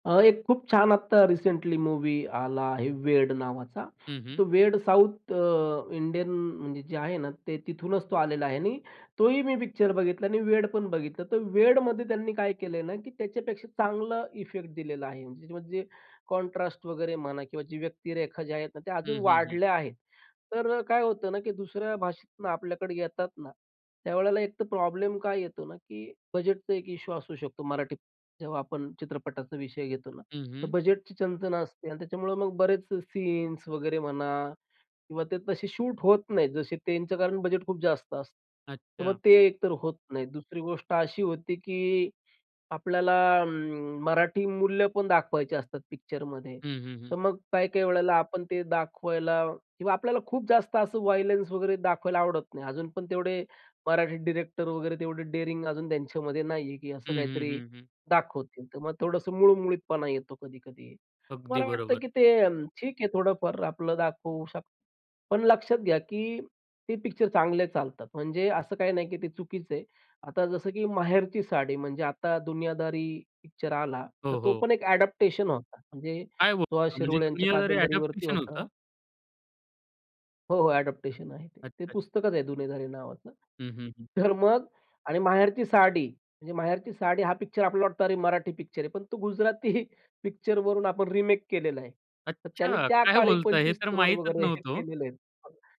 अ, एक खूप छान आत्ता रिसेंटली मूवी आला आहे 'वेड' नावाचा. हं, तो हं. वेड साऊथ अ, इंडियन म्हणजे जे आहे ना ते तिथूनच तो आलेला आहे आणि तोही मी पिक्चर बघितला आणि वेड पण बघितलं. तर वेडमध्ये त्यांनी काय केलंय ना, की त्याच्यापेक्षा चांगला इफेक्ट दिलेला आहे. जे म्हणजे कॉन्ट्रास्ट वगैरे म्हणा किंवा जे व्यक्तिरेखा जे आहेत ना ते अजून हं, हं, हं. वाढल्या आहेत. तर अ, काय होतं ना, की दुसऱ्या भाषेतून आपल्याकडे येतात ना, त्यावेळेला एक तर प्रॉब्लेम काय येतो ना, की बजेटचा एक इश्यू असू शकतो. मराठीत अ जेव्हा आपण चित्रपटाचा विषय घेतो ना. हं, हं. बजेटची चंचण असते आणि त्याच्यामुळे मग बरेच सीन्स वगैरे म्हणा किंवा ते तसे शूट होत नाहीत. जसे त्यांचं कारण बजेट खूप जास्त असतं. तर मग अच्छा. ते एक तर होत नाही. दुसरी गोष्ट अशी होती, की आपल्याला अं, मराठी मूल्य पण दाखवायची असतात पिक्चरमध्ये. हं, हं, तर हं. मग काही-काही वेळेला आपण ते दाखवायला किंवा आपल्याला खूप जास्त असं वायलेन्स वगैरे दाखवायला आवडत नाही. अजून पण तेवढे मराठी डिरेक्टर वगैरे तेवढे डेअरिंग अजून त्यांच्यामध्ये नाही आहे, की असं हं, हं, काहीतरी हं, हं. दाखवतील. तर मग थोडंसं मूळमुळीतपणा येतो कधी-कधी. अगदी मला वाटतं, बरोबर. की ते अन् ठीक आहे थोडंफार आपलं दाखवू शक पण लक्षात घ्या, की ते पिक्चर चांगले चालतात. म्हणजे असं काही नाही, की ते चुकीचं आहे. आता जसं, की माहेरची साडी म्हणजे आता दुनियादारी पिक्चर आला. तर हो, तो हो. पण एक अडॅप्टेशन होता. म्हणजे काय सुहास बोलता म्हणजे शिरोळे यांच्या दुनियादारी कादंबरीवरती अडॅप्टेशन होतं. होता. हो, हो. अ‍ॅडॉप्टेशन आहे ते. ते अच्छा. पुस्तकच आहे दुनियादारी नावाचं. हं, हं, हं. तर मग आणि माहेरची साडी, म्हणजे माहेरची साडी हां पिक्चर आपल्याला वाटतं अरे, मराठी पिक्चर आहे. पण तो गुजराती पिक्चर वरून आपण रिमेक केलेला आहे. तर त्यांनी अच्छा. त्या काय काळी बोलताय हे पंचवीस तर करोड माहीतच वगैरे हे नव्हतं ओ. केलेलेत.